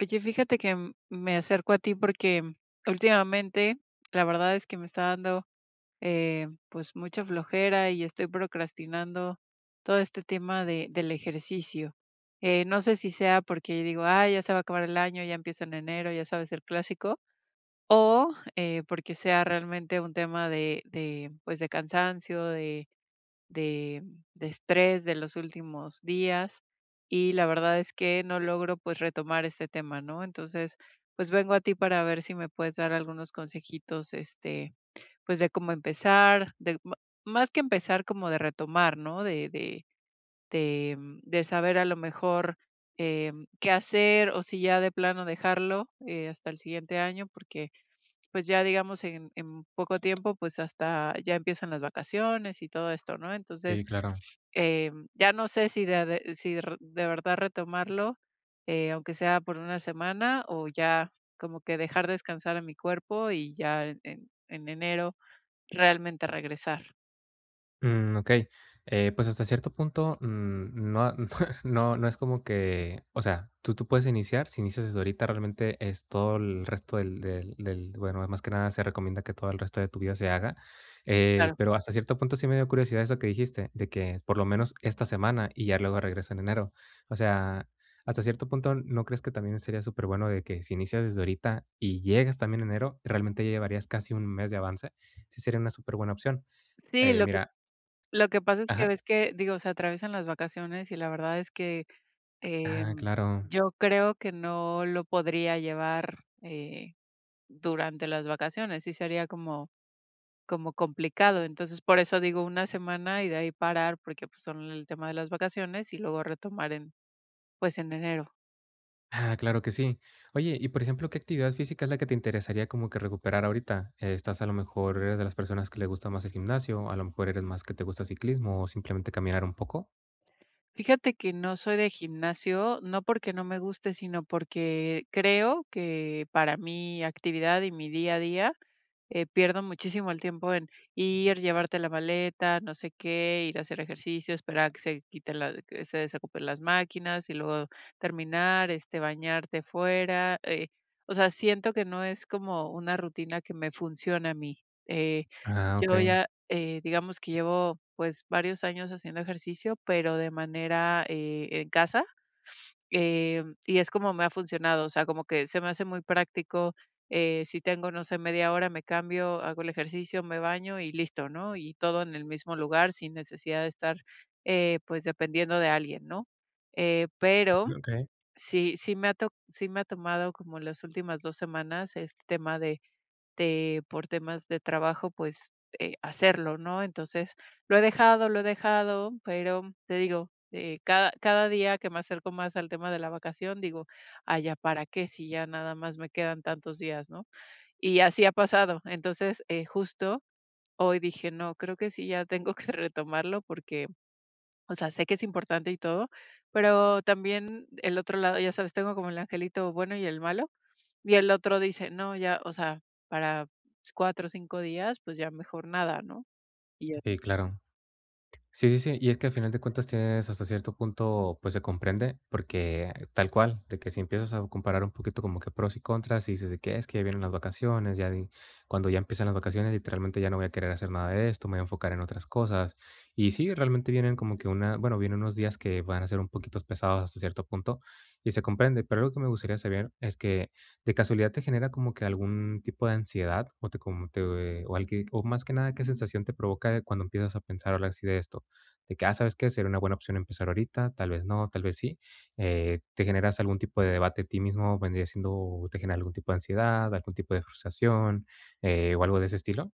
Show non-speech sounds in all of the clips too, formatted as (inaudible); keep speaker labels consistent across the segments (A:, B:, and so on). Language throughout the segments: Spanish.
A: Oye, fíjate que, mm, me acerco a ti porque, mm, últimamente, la verdad es que me está dando, eh, pues mucha flojera y estoy procrastinando todo este tema de del ejercicio, eh, no sé si sea porque digo: "Ay, ya se va a acabar el año, ya empiezo en enero", ya sabes el clásico, o, eh, porque sea realmente un tema de de, pues, de cansancio, de de de estrés de los últimos días, y la verdad es que no logro, pues, retomar este tema, ¿no?, entonces, pues vengo a ti para ver si me puedes dar algunos consejitos, este, pues de cómo empezar, del ma más que empezar, como de retomar, ¿no?, de de de, mm, de saber, a lo mejor, eh, qué hacer o si ya de plano dejarlo, eh, hasta el siguiente año, porque, pues, ya digamos, en en poco tiempo, pues, hasta ya empiezan las vacaciones y todo esto, ¿no?, entonces,
B: Sí, claro.
A: em, ya no sé si de a de si r de verdad retomarlo, eh, aunque sea por 1 semana o ya como que dejar descansar a mi cuerpo y ya en en en enero realmente regresar.
B: Mm, okey. Eh, pues, hasta cierto punto, mm, no a no no no es como que o sea, tú tú puedes iniciar, si inicias desde ahorita, realmente es todo el resto del del del bueno, ah, más que nada, se recomienda que todo el resto de tu vida se haga. Eh,
A: Claro.
B: pero hasta cierto punto, sí me dio curiosidad eso que dijiste, de que por lo menos esta semana y ya luego regreso en enero. O sea, hasta cierto punto, ¿no crees que también sería superbueno de que si inicias desde ahorita y llegas también en enero, realmente, ya llevarías casi un mes de avance? Sí sería una superbuena opción.
A: Sí,
B: Eh,
A: lo que
B: mira
A: lo que pasa es que
B: Ajá.
A: ves que, digo, se atraviesan las vacaciones y la verdad es que,
B: Ah,
A: em,
B: claro.
A: yo creo que no lo podría llevar, eh, durante las vacaciones, sí sería como como complicado. Entonces, por eso digo una semana y de ahí parar, porque, pues, son el tema de las vacaciones y luego retomar en, pues, en enero.
B: Ah, claro que sí. Oye, y, por ejemplo, ¿qué actividad física es la que te interesaría como que recuperar ahorita? ¿Estás a lo mejor eres de las personas que le gusta más el gimnasio o a lo mejor, eres más que te gusta ciclismo o simplemente caminar un poco?
A: Fíjate que no soy de gimnasio, no porque no me guste, sino porque creo que para mi actividad y mi día a día, eh, pierdo muchísimo el tiempo en ir, llevarte la maleta, no sé qué, ir a hacer ejercicio, esperar a que se quite la que se desocupen las máquinas y luego terminar, este, bañarte fuera, eh, o sea, siento que no es como una rutina que me funciona a mí. Eh,
B: Ah,
A: yo
B: okey.
A: ya, eh, digamos que llevo, pues, varios años haciendo ejercicio, pero de manera, eh, en casa, eh, y es como me ha funcionado. O sea, como que se me hace muy práctico. Eh, si tengo, no sé, media hora, me cambio, hago el ejercicio, me baño y listo, ¿no? Y todo en el mismo lugar, sin necesidad de estar, eh, pues, dependiendo de alguien, ¿no? Eh, pero
B: Mm, okey.
A: sí, sí me ha to sí me ha tomado como las últimas 2 semanas este tema de de por temas de trabajo, pues, eh, hacerlo, ¿no? Entonces, lo he dejado, lo he dejado, pero, te digo, eh, cada cada día que me acerco más al tema de la vacación, digo: "Ay, ¿ya para qué?, si ya nada más me quedan tantos días", ¿no? Y así ha pasado. Entonces, eh, justo, hoy dije: "No, creo que sí, ya tengo que retomarlo porque, o sea, sé que es importante y todo. Pero también el otro lado, ya sabes, tengo como el angelito bueno y el malo, y el otro dice: "No, ya, o sea, para pues 4 o 5 días, pues, ya mejor nada, ¿no? Y ya.
B: Sí, claro. Sí, sí, sí, y es que, al final de cuentas, tienes hasta cierto punto, pues, se comprende, porque, tal cual, de que si empiezas a comparar un poquito como que pros y contras, y dices de que: "Es que vienen las vacaciones, ya en cuando ya empiezan las vacaciones, literalmente, ya no voy a querer hacer nada de esto, me voy a enfocar en otras cosas". Y sí, realmente, vienen como que una bueno, vienen unos días que van a ser un poquitos pesados, hasta cierto punto, y se comprende. Pero algo que me gustaría saber es que, ¿de casualidad te genera como que algún tipo de ansiedad o te como te o o al que o más que nada, qué sensación te provoca cuando empiezas a pensar ahora sí, de esto? De que: "Ah, ¿sabes qué?, sería una buena opción empezar ahorita, tal vez no, tal vez sí". Eh, ¿te generas algún tipo de debate a ti mismo o vendría siendo o te genera algún tipo de ansiedad, algún tipo de frustración, eh, o algo de ese estilo?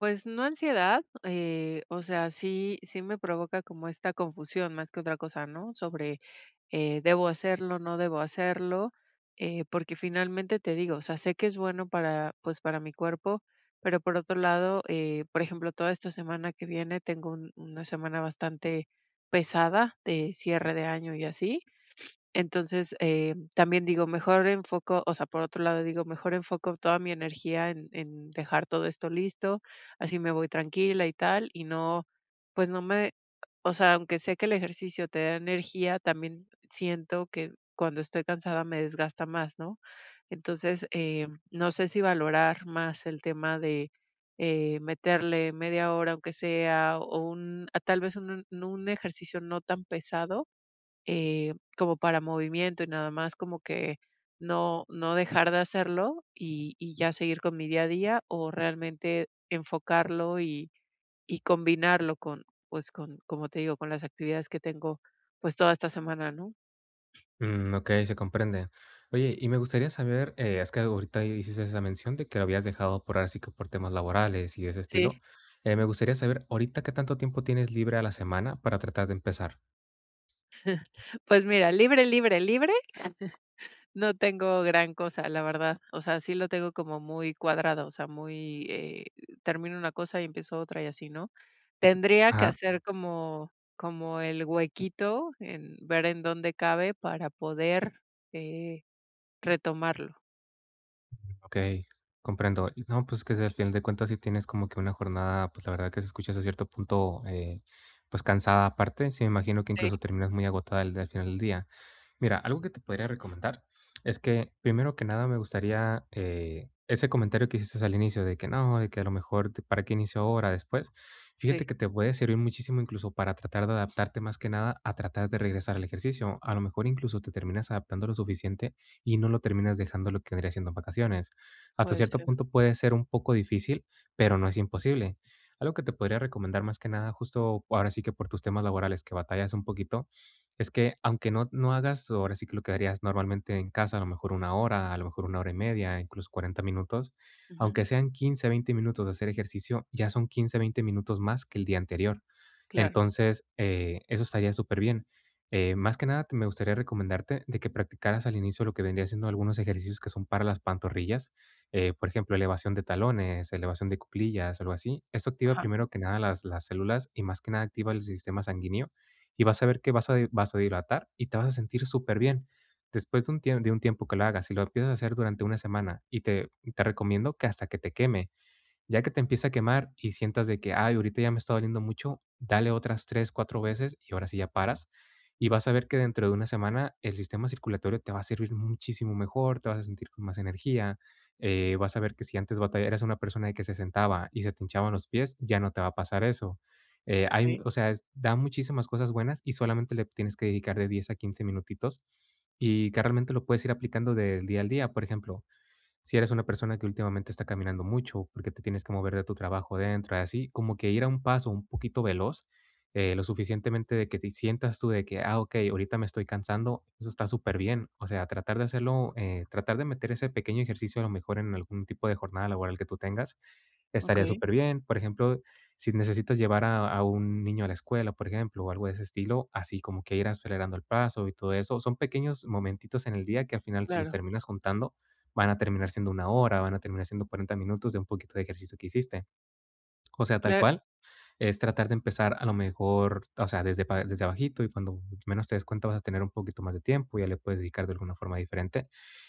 A: Pues, no ansiedad, eh, o sea, sí sí me provoca como esta confusión más que otra cosa, ¿no?, sobre, eh, ¿debo hacerlo, no debo hacerlo?, eh, porque finalmente te digo, o sea, sé que es bueno para, pues, para mi cuerpo, pero por otro lado, eh, por ejemplo, toda esta semana que viene tengo un 1 semana bastante pesada de cierre de año y así, entonces, em, también digo: "Mejor enfoco", o sea, por otro lado, digo: "Mejor enfoco toda mi energía en en dejar todo esto listo, así me voy tranquila y tal, y no, pues no me", o sea, aunque sé que el ejercicio te da energía, también siento que cuando estoy cansada me desgasta más, ¿no?, entonces, em, no sé si valorar más el tema de, eh, meterle media hora, aunque sea, o, un ah, tal vez, un no un ejercicio no tan pesado, eh, como para movimiento y nada más, como que no no dejar de hacerlo y ya seguir con mi día a día o realmente enfocarlo y y combinarlo con, pues, con, como te digo, con las actividades que tengo, pues, toda esta semana, ¿no?
B: Mm, okey, se comprende. Oye, y me gustaría saber, eh, has que ahorita hiciste esa mención, de que habías dejado por, ahora sí que por temas laborales y de ese
A: Sí.
B: estilo, eh, me gustaría saber, ¿ahorita qué tanto tiempo tienes libre a la semana para tratar de empezar?
A: (chuckles) Pues mira, libre, libre, libre, (chuckles) no tengo gran cosa, la verdad, o sea, sí lo tengo como muy cuadrado, o sea, muy, eh, termino una cosa y empiezo otra y así, ¿no?, tendría que
B: Ajá.
A: hacer como como el huequito, en ver en dónde cabe para poder, eh, retomarlo.
B: Okey, comprendo. Y no, pues, que si, al final de cuentas, sí tienes como que una jornada, pues, la verdad que se escucha hasta cierto punto, eh, pues cansada, aparte, sí, me imagino que
A: Sí.
B: incluso terminas muy agotada al d al final del día. Mira, algo que te podría recomendar es que primero que nada, me gustaría, eh, ese comentario que hiciste al inicio, de que: "No", de que: "A lo mejor te ¿Para qué inicio ahora?, después", fíjate
A: Sí.
B: que te puede servir muchísimo incluso para tratar de adaptarte, más que nada, a tratar de regresar al ejercicio, a lo mejor incluso te terminas adaptando lo suficiente y no lo terminas dejando lo que vendría siendo en vacaciones, hasta
A: Puede
B: cierto
A: ser.
B: punto puede ser un poco difícil, pero no es imposible. Algo que te podría recomendar, más que nada, justo, ahora sí que por tus temas laborales, que batallas un poquito, es que, aunque no no hagas, ahora sí que lo que harías normalmente en casa, a lo mejor 1 hora, a lo mejor 1 hora y media, incluso 40 minutos,
A: Ujú.
B: aunque sean 15, 20 minutos de hacer ejercicio, ya son 15, 20 minutos más que el día anterior,
A: Claro.
B: entonces, eh, eso estaría superbién, eh, más que nada te me gustaría recomendarte de que practicaras al inicio lo que vendría siendo algunos ejercicios que son para las pantorrillas, eh, por ejemplo, elevación de talones, elevación de cuclillas, algo así, eso activa
A: Ajá.
B: primero que nada las las células y más que nada activa el sistema sanguíneo, y vas a ver que vas a di vasodilatar y te vas a sentir superbién, después de un tie de un tiempo que le hagas, si lo empiezas a hacer durante 1 semana, y te y te recomiendo, que hasta que te queme, ya que te empiece a quemar y sientas de que: "Ay, ahorita ya me está doliendo mucho", dale otras 3, 4 veces y ahora sí ya paras, y vas a ver que dentro de 1 semana, el sistema circulatorio te va a servir muchísimo mejor, te vas a sentir con más energía, eh, vas a ver que si antes batalla eras una persona que se sentaba y se te hinchaban los pies, ya no te va a pasar eso, eh, hay, u
A: Sí.
B: o sea, es da muchísimas cosas buenas y solamente le tienes que dedicar de 10 a 15 minutitos y que realmente lo puedes ir aplicando del día al día, por ejemplo, si eres una persona que últimamente está caminando mucho, porque te tienes que mover de tu trabajo dentro y así, como que ir a un paso, un poquito veloz, eh, lo suficientemente de que te y sientas tú de que: "Ah, okey, ahorita me estoy cansando", eso está superbién, o sea, tratar de hacerlo eh, tratar de meter ese pequeño ejercicio, a lo mejor, en algún tipo de jornada laboral que tú tengas, estaría
A: Okey.
B: superbién, por ejemplo, si necesitas llevar a a un niño a la escuela, por ejemplo, o algo de ese estilo, así como que ir acelerando el paso y todo eso, son pequeños momentitos en el día que, al final, si los
A: Claro.
B: terminas juntando, van a terminar siendo 1 hora, van a terminar siendo 40 minutos de un poquito de ejercicio que hiciste. O sea, tal
A: Clar
B: cual, es tratar de empezar, a lo mejor, t o sea, desde pa desde abajito y cuando menos te des cuenta, vas a tener un poquito más de tiempo y ya le puedes dedicar de alguna forma diferente,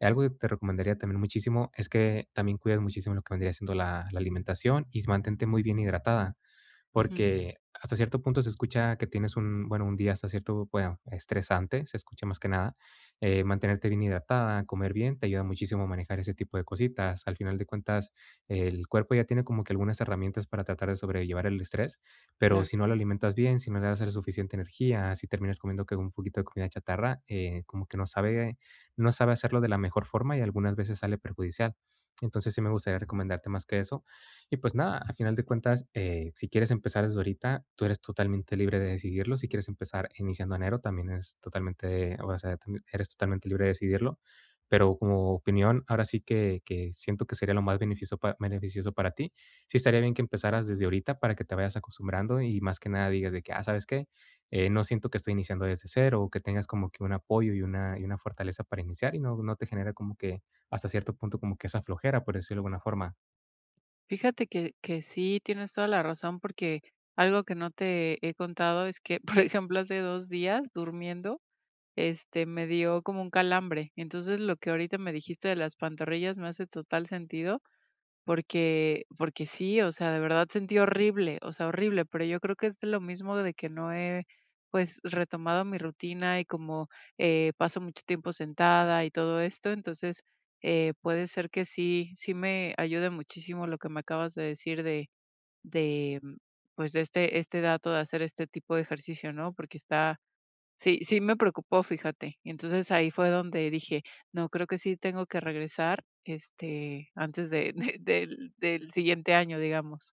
B: eh, algo que te recomendaría también muchísimo es que también cuides muchísimo lo que vendría siendo la la alimentación y s mantente muy bien hidratada,
A: Ujú.
B: porque, hasta cierto punto se escucha que tienes un bueno, un día hasta cierto bueno estresante, se escucha más que nada, eh, mantenerte bien hidratada, comer bien, te ayuda muchísimo a manejar ese tipo de cositas, al final de cuentas, el cuerpo ya tiene como que algunas herramientas para tratar de sobrellevar el estrés, pero
A: Claro.
B: si no lo alimentas bien, si no le das el suficiente energía, si terminas comiendo que un poquito de comida chatarra, eh, como que no sabe no sabe hacerlo de la mejor forma y algunas veces sale perjudicial, entonces, sí me gustaría recomendarte más que eso, y, pues, nada, a final de cuentas, eh, si quieres empezar desde ahorita, tú eres totalmente libre de decidirlo, si quieres empezar iniciando enero, también es totalmente eh, o sea, tien eres totalmente libre de decidirlo, pero, como opinión, ahora sí que que siento que sería lo más beneficioso pa beneficioso para ti, sí estaría bien que empezaras desde ahorita para que te vayas acostumbrando y más que nada digas de que: "Ah, ¿sabes qué?, eh, no siento que estoy iniciando desde 0", que tengas como que un apoyo y una y una fortaleza para iniciar, y no no te genere como que, hasta cierto punto, como que esa flojera, por decirlo de alguna forma.
A: Fíjate que que sí, tienes toda la razón, porque algo que no te he contado es que, por ejemplo, hace 2 días durmiendo, este, me dio como un calambre. Entonces, lo que ahorita me dijiste de las pantorrillas me hace total sentido, porque porque sí, o sea, de verdad sentí horrible, o sea, horrible, pero yo creo que es lo mismo de que no he, pues, retomado mi rutina y como, eh, paso mucho tiempo sentada y todo esto, entonces, eh, puede ser que sí, sí me ayuda muchísimo lo que me acabas de decir de de, pues, de este este dato de hacer este tipo de ejercicio, ¿no? Porque está sí, sí me preocupó, fíjate. Entonces, ahí fue donde dije: "No, creo que sí tengo que regresar, este, antes de de del del siguiente año", digamos.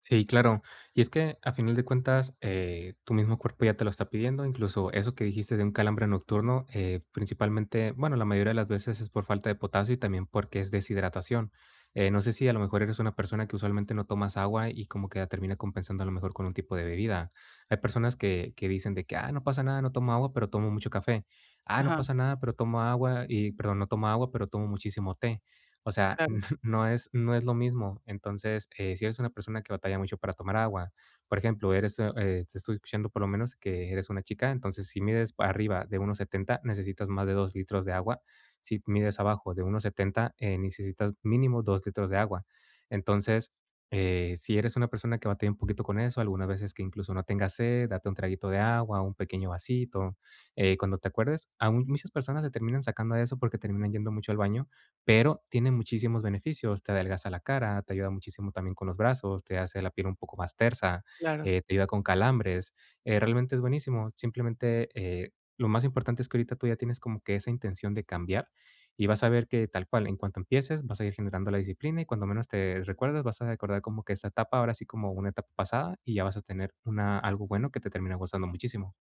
B: Sí, claro. Y es que, a final de cuentas, eh, tu mismo cuerpo ya te lo está pidiendo, incluso eso que dijiste de un calambre nocturno, eh, principalmente bueno, la mayoría de las veces es por falta de potasio y también porque es deshidratación. Eh, no sé si a lo mejor, eres una persona que usualmente no tomas agua y como que termina compensando a lo mejor con un tipo de bebida. Hay personas que que dicen de que: "Ah, no pasa nada, no tomo agua, pero tomo mucho café. Ah, no
A: Ajá.
B: pasa nada, pero tomo agua y, perdón, no toma agua, pero tomo muchísimo té". O sea,
A: Claro.
B: (chuckles) no es no es lo mismo. Entonces, eh, si eres una persona que batalla mucho para tomar agua, por ejemplo, eres, u eh, te estoy escuchando por lo menos que eres una chica, entonces, si mides arriba de 1.70, necesitas más de 2 litros de agua. Si mides abajo de 1.70, eh, necesitas mínimo 2 litros de agua. Entonces, eh, si eres una persona que batalla un poquito con eso, algunas veces que incluso no tengas sed, date un traguito de agua o un pequeño vasito, eh, cuando te acuerdes. Aun muchas personas le terminan sacando a eso porque terminan yendo mucho al baño, pero tiene muchísimos beneficios. Te adelgaza la cara, te ayuda muchísimo también con los brazos, te hace la piel un poco más tersa,
A: Claro.
B: eh, te ayuda con calambres, eh, realmente, es buenísimo, simplemente, eh, lo más importante es que ahorita tú ya tienes como que esa intención de cambiar y vas a ver que tal cual, en cuanto empieces, vas a ir generando la disciplina y cuando menos te recuerdas, vas a recordar como que esa etapa, ahora sí, como una etapa pasada y ya vas a tener una algo bueno que te termine gustando muchísimo.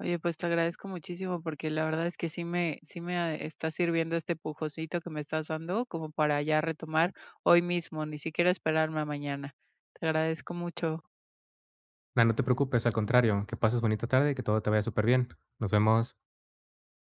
A: Oye, pues, te agradezco muchísimo, porque la verdad es que sí me sí me a está sirviendo este empujoncito que me estás dando como para ya retomar hoy mismo, ni siquiera esperarme a mañana. Te agradezco mucho.
B: Na, no te preocupes, al contrario, que pases bonita tarde y que todo te vaya superbién. Nos vemos.